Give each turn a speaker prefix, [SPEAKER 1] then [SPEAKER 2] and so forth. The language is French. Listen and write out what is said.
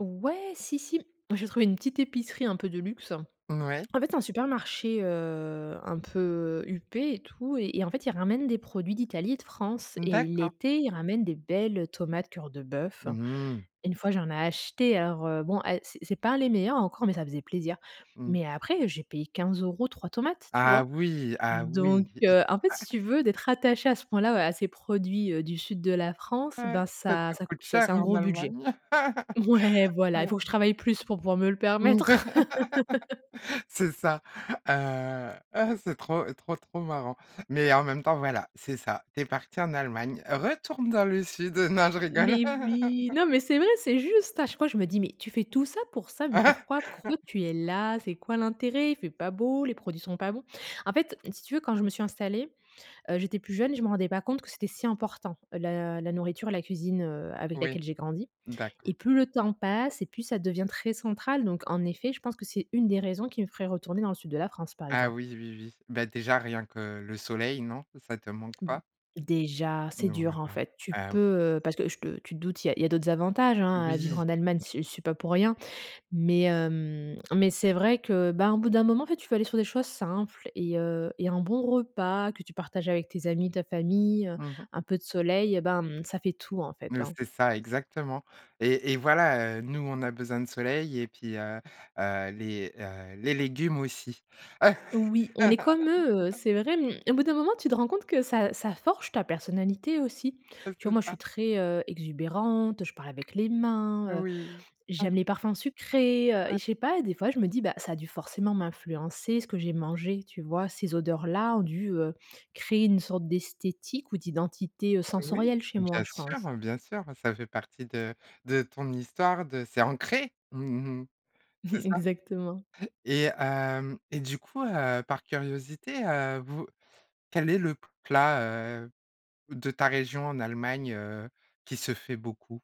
[SPEAKER 1] Ouais, si, si m j'ai trouvé une petite épicerie un peu de luxe,
[SPEAKER 2] N ouais.
[SPEAKER 1] en fait, c'est un supermarché, heu, un peu, heu, huppé et tout et en en fait, ils ramènent des produits d'Italie et de France et
[SPEAKER 2] D'accord.
[SPEAKER 1] l'été, ils ramènent des belles, heu, tomates cœur de bœuf.
[SPEAKER 2] Mmh mh.
[SPEAKER 1] Une fois, j'en ai acheté, alors, heu, bon, elles, c'est c'est pas les meilleures encore mais ça faisait plaisir
[SPEAKER 2] Mmh.
[SPEAKER 1] mais après, j'ai payé 15 € 3 tomates, tu
[SPEAKER 2] Ah
[SPEAKER 1] vois?
[SPEAKER 2] oui, ah oui.
[SPEAKER 1] Donc, heu, en fait, si tu veux, d'être attaché à ce point-là, à ces produits du sud de la France,
[SPEAKER 2] Ouais.
[SPEAKER 1] ben,
[SPEAKER 2] Ça
[SPEAKER 1] ça
[SPEAKER 2] te
[SPEAKER 1] ça cou
[SPEAKER 2] coûte
[SPEAKER 1] c'est c'est
[SPEAKER 2] cher
[SPEAKER 1] un
[SPEAKER 2] en
[SPEAKER 1] gros budget.
[SPEAKER 2] Allemagne!
[SPEAKER 1] Ouais, voilà, il faut que je travaille plus pour pouvoir me le permettre.
[SPEAKER 2] C'est ça, heu, ah! C'est trop, trop, trop marrant mais en même temps, voilà, c'est ça. Tu es parti en Allemagne, retourne dans le sud, non, je rigole!
[SPEAKER 1] Mais oui! Non, mais c'est vrai, c'est juste, à chaque fois je me dis: «Mais tu fais tout ça pour ça? Mais pourquoi, pourquoi tu es là? C'est quoi l'intérêt? Il fait pas beau, les
[SPEAKER 2] Ah.
[SPEAKER 1] produits sont pas bons!» en fait, si tu veux, quand je me suis installée, heu, j'étais plus jeune, je me rendais pas compte que c'était si important, heu, la la nourriture et la cuisine, heu, avec
[SPEAKER 2] Oui.
[SPEAKER 1] laquelle j'ai grandi
[SPEAKER 2] D'accord.
[SPEAKER 1] et plus le temps passe et plus ça devient très central donc, en effet, je pense que c'est une des raisons qui me ferait retourner dans le sud de la France, par
[SPEAKER 2] Ah
[SPEAKER 1] exemple.
[SPEAKER 2] oui, oui, oui, bah, déjà rien que le soleil, non, ça te manque
[SPEAKER 1] Mmh.
[SPEAKER 2] pas?
[SPEAKER 1] Déjà, c'est
[SPEAKER 2] Non,
[SPEAKER 1] dur, en
[SPEAKER 2] voilà.
[SPEAKER 1] fait, tu
[SPEAKER 2] Ah oui.
[SPEAKER 1] peux, heu, parce que je te tu te doutes, il y a il y a d'autres avantages, hein, à vivre
[SPEAKER 2] Oui.
[SPEAKER 1] en Allemagne, j'y suis j'y suis pas pour rien mais hem, mais c'est vrai que, ben, au bout d'un moment, en fait, tu veux aller sur des choses simples et heu et un bon repas que tu partages avec tes amis, ta famille, heu,
[SPEAKER 2] Mmh mh.
[SPEAKER 1] un peu de soleil, eh ben, mmh, ça fait tout en
[SPEAKER 2] Oui,
[SPEAKER 1] fait, hein.
[SPEAKER 2] c'est ça, exactement et et voilà, heu, nous, on a besoin de soleil et puis, heu heu, les, heu, les légumes aussi.
[SPEAKER 1] Oui, on est comme eux, heu, c'est vrai, mmh. Au bout d'un moment, tu te rends compte que ça ça forge ta personnalité aussi,
[SPEAKER 2] Ouais,
[SPEAKER 1] tu vois,
[SPEAKER 2] c'est
[SPEAKER 1] moi, je suis
[SPEAKER 2] ça.
[SPEAKER 1] très, heu, exubérante, je parle avec les mains, heu,
[SPEAKER 2] Oui. Ah.
[SPEAKER 1] j'aime les parfums sucrés, heu
[SPEAKER 2] Ouais.
[SPEAKER 1] et je sais pas, des fois, je me dis, bah, ça a dû forcément m'influencer ce que j'ai mangé, tu vois? Ces odeurs-là ont dû, heu, créer une sorte d'esthétique ou d'identité, heu,
[SPEAKER 2] Oui,
[SPEAKER 1] sensorielle chez moi,
[SPEAKER 2] bien
[SPEAKER 1] je
[SPEAKER 2] sûr,
[SPEAKER 1] pense.
[SPEAKER 2] bien sûr, ça fait partie de de ton histoire de c'est ancré! Mmh mh. C'est ça
[SPEAKER 1] Exactement.
[SPEAKER 2] et hem et du coup, heu, par curiosité, heu, vous quel est le plat, heu, de ta région en Allemagne, heu, qui se fait beaucoup?